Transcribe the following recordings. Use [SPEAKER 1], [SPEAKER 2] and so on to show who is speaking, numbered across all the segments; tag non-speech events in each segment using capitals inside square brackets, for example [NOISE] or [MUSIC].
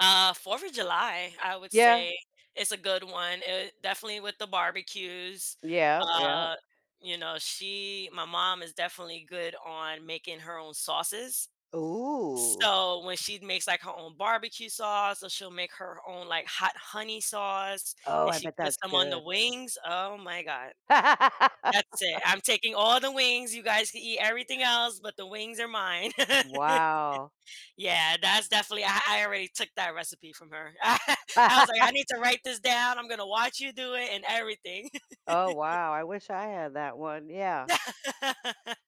[SPEAKER 1] Uh, 4th of July, I would
[SPEAKER 2] Yeah.
[SPEAKER 1] say it's a good one, uh, definitely with the barbecues,
[SPEAKER 2] Yeah yeah.
[SPEAKER 1] uh, you know, she my mom is definitely good on making her own sauces.
[SPEAKER 2] Ooh!
[SPEAKER 1] So, when she makes, like, her own barbecue sauce, so she'll make her own, like, hot honey sauce
[SPEAKER 2] Oh,
[SPEAKER 1] and
[SPEAKER 2] I
[SPEAKER 1] she
[SPEAKER 2] bet
[SPEAKER 1] puts
[SPEAKER 2] that's
[SPEAKER 1] them on the
[SPEAKER 2] good.
[SPEAKER 1] wings, oh my god, that's it.
[SPEAKER 2] [LAUGHS]
[SPEAKER 1] I'm taking all the wings, you guys can eat everything else, but the wings are mine. [LAUGHS]
[SPEAKER 2] Wow!
[SPEAKER 1] Yeah, that's definitely I I already took that recipe from her. [CHUCKLES] I was, like, I need
[SPEAKER 2] [LAUGHS]
[SPEAKER 1] to write this down. I'm gonna watch you do it and everything.
[SPEAKER 2] Oh
[SPEAKER 1] [LAUGHS]
[SPEAKER 2] wow, I wish I had that one, yeah.
[SPEAKER 1] [LAUGHS]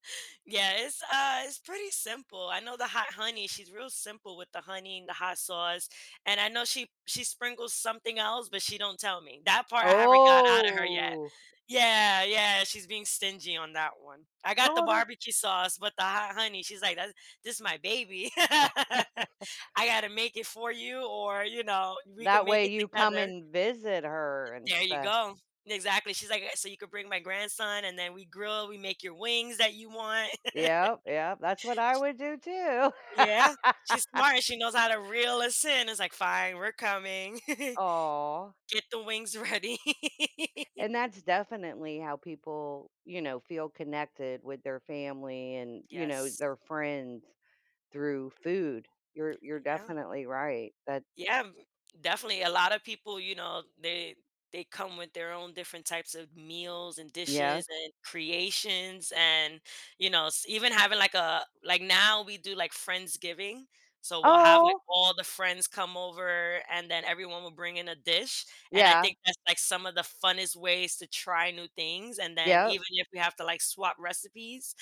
[SPEAKER 1] Yeah, it's uh, it's pretty simple. I know the hot honey, she's real simple with the honey and the hot sauce, and I know she she sprinkles something else, but she don't tell me. That part I haven't got out of her yet.
[SPEAKER 2] Oh!
[SPEAKER 1] Yeah yeah, she's being stingy on that one. I got the
[SPEAKER 2] No, tha
[SPEAKER 1] barbecue sauce, but the hot honey, she's, like, "That's this is my baby. [LAUGHS]
[SPEAKER 2] [LAUGHS]
[SPEAKER 1] I gotta make it for you or, you know, we can
[SPEAKER 2] that
[SPEAKER 1] make
[SPEAKER 2] way
[SPEAKER 1] it
[SPEAKER 2] you come
[SPEAKER 1] together."
[SPEAKER 2] and visit her and
[SPEAKER 1] There you
[SPEAKER 2] stuff.
[SPEAKER 1] go. Exactly. She's, like, uh, "So you could bring my grandson and then we grill, we make your wings that you want."
[SPEAKER 2] Yeah yeah, that's what
[SPEAKER 1] [LAUGHS]
[SPEAKER 2] I
[SPEAKER 1] She
[SPEAKER 2] would do, too.
[SPEAKER 1] Yeah, she's
[SPEAKER 2] [LAUGHS]
[SPEAKER 1] smart and she knows how to reel us in. It's, like, "Fine, we're coming. [CHUCKLES]
[SPEAKER 2] Aw!
[SPEAKER 1] Get the wings ready." [LAUGHS]
[SPEAKER 2] And that's definitely how people, you know, feel connected with their family and, you know,
[SPEAKER 1] Yes.
[SPEAKER 2] their friends, through food. You're you're
[SPEAKER 1] Yeah.
[SPEAKER 2] definitely right. That
[SPEAKER 1] Yeah, m definitely a lot of people, you know, they they come with their own different types of meals, and
[SPEAKER 2] Yes.
[SPEAKER 1] dishes, and creations, and, you know, s even having, like, a, like now we do, like, Friendsgiving, so we'll have, like,
[SPEAKER 2] Aw!
[SPEAKER 1] all the friends come over and then everyone will bring in a dish and I
[SPEAKER 2] Yeah.
[SPEAKER 1] think that's, like, some of the funnest ways to try new things and then
[SPEAKER 2] Yup.
[SPEAKER 1] even if we have to, like, swap recipes.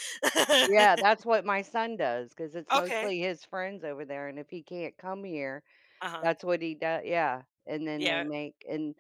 [SPEAKER 2] Yeah,
[SPEAKER 1] [LAUGHS]
[SPEAKER 2] that's what my son does, ‘cause it's
[SPEAKER 1] Okay.
[SPEAKER 2] mostly his friends over there and if he can't come here,
[SPEAKER 1] Uh-huh.
[SPEAKER 2] that's what he doe yeah, and then they
[SPEAKER 1] Yeah.
[SPEAKER 2] make and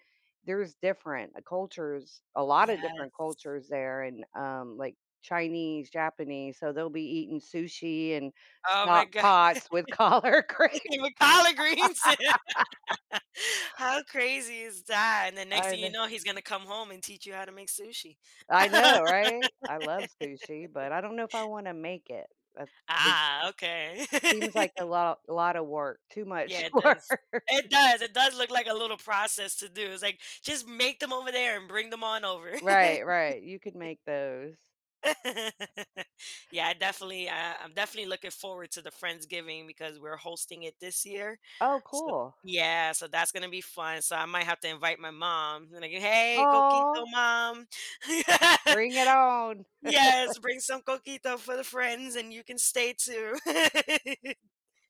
[SPEAKER 2] there's different cultures, a lotta different
[SPEAKER 1] Yes.
[SPEAKER 2] cultures there and, um, like, Chinese, Japanese, so they'll be eating sushi and
[SPEAKER 1] Oh my
[SPEAKER 2] stock
[SPEAKER 1] god,
[SPEAKER 2] pots with collard green.
[SPEAKER 1] eating with collard greens?
[SPEAKER 2] [LAUGHS]
[SPEAKER 1] [LAUGHS] How crazy is that? And the next
[SPEAKER 2] I
[SPEAKER 1] thing you
[SPEAKER 2] know.
[SPEAKER 1] know he's gonna come home and teach you how to make sushi.
[SPEAKER 2] I know,
[SPEAKER 1] [LAUGHS]
[SPEAKER 2] right? I love sushi, but I don't know if I wanna make it. That see
[SPEAKER 1] Ah, okay.
[SPEAKER 2] seems like
[SPEAKER 1] [LAUGHS]
[SPEAKER 2] a lot a lotta work, too much
[SPEAKER 1] Yeah, it does
[SPEAKER 2] work.
[SPEAKER 1] it does it does look like a little process to do. It's, like, "Just make them over there and bring them on over."
[SPEAKER 2] Right right, you could
[SPEAKER 1] [LAUGHS]
[SPEAKER 2] make those.
[SPEAKER 1] [LAUGHS] Yeah, I definitely uh, I'm definitely looking forward to the Friendsgiving because we're hosting it this year.
[SPEAKER 2] Oh,
[SPEAKER 1] So
[SPEAKER 2] cool.
[SPEAKER 1] yeah, so that's gonna be fun. So, I might have to invite my mom, like, "Hey, coquito,
[SPEAKER 2] Aw!
[SPEAKER 1] mom." Yeah.
[SPEAKER 2] Bring it on.
[SPEAKER 1] "Yes,
[SPEAKER 2] [CHUCKLES]
[SPEAKER 1] bring some coquito for the friends and you can stay too." [LAUGHS]